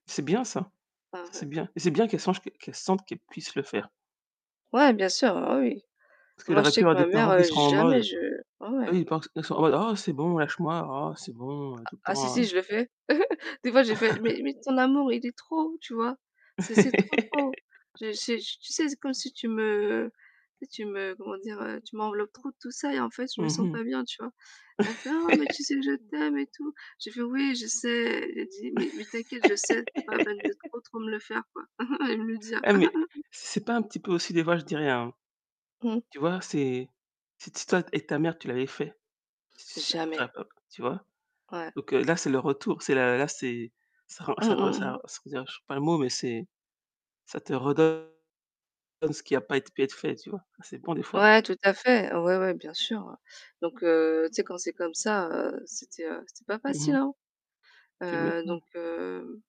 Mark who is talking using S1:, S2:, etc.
S1: C'est bien ça!
S2: Par,
S1: Ça,
S2: heu
S1: c'est bien. Et c'est bien qu'elle songe qu qu'elle sente qu'elle puisse le faire.
S2: Ouais bien sûr, ah oui.
S1: Parce qu'elle
S2: Moi, je
S1: aurait pu
S2: sais
S1: avoir
S2: que
S1: des
S2: ma mère,
S1: parents qui
S2: heu,
S1: seront en
S2: jamais
S1: mode
S2: je ouais ouais.
S1: oui, des parents qui sont qui sont en mode: «Oh c'est bon, lâche-moi. Oh c'est bon, heu,
S2: Ah
S1: tout le
S2: ah si si,
S1: temps».
S2: je le fais. Des fois j'ai fait: «Mais mais ton amour il est trop, tu vois? C'est c'est trop, trop. Je j'ai tu sais, c'est comme si tu me tu sais, tu me comment dire? Tu m'enveloppes trop de tout ça et en fait je me
S1: Mmh
S2: sens
S1: mh.
S2: pas bien, tu vois?» elle me fait: «Oh mais tu sais que je t'aime et tout». J'ai fait: «Oui, je sais». Elle dit: «Mais mais t'inquiète, je sais, c'est pas la peine de trop trop me le faire, quoi». Elle me le dit a
S1: Eh mais, si c'est pas un petit peu aussi des voix, je dis rien, hein.
S2: Mmh.
S1: Tu vois? C'est si t si toi et ta mère, tu l'avais fait? Si si
S2: Jamais.
S1: enfin, heu tu vois?
S2: Ouais.
S1: Donc, heu, là c'est le retour. C'est la là c'est ça rend
S2: Mmh.
S1: ça re
S2: Mmh.
S1: ça
S2: Mmh.
S1: re sans dire je trouve pas le mot, mais c'est ça te redonne ce qui a pas ét pu être fait, tu vois? C'est bon des fois.
S2: Ouais tout à fait! Ouais ouais bien sûr, ouais. Donc heu, tu sais quand c'est comme ça, heu, c'était, heu c'était pas
S1: Mmh
S2: facile,
S1: mh.
S2: hein.
S1: Que
S2: Heu,
S1: maintenant.
S2: donc heu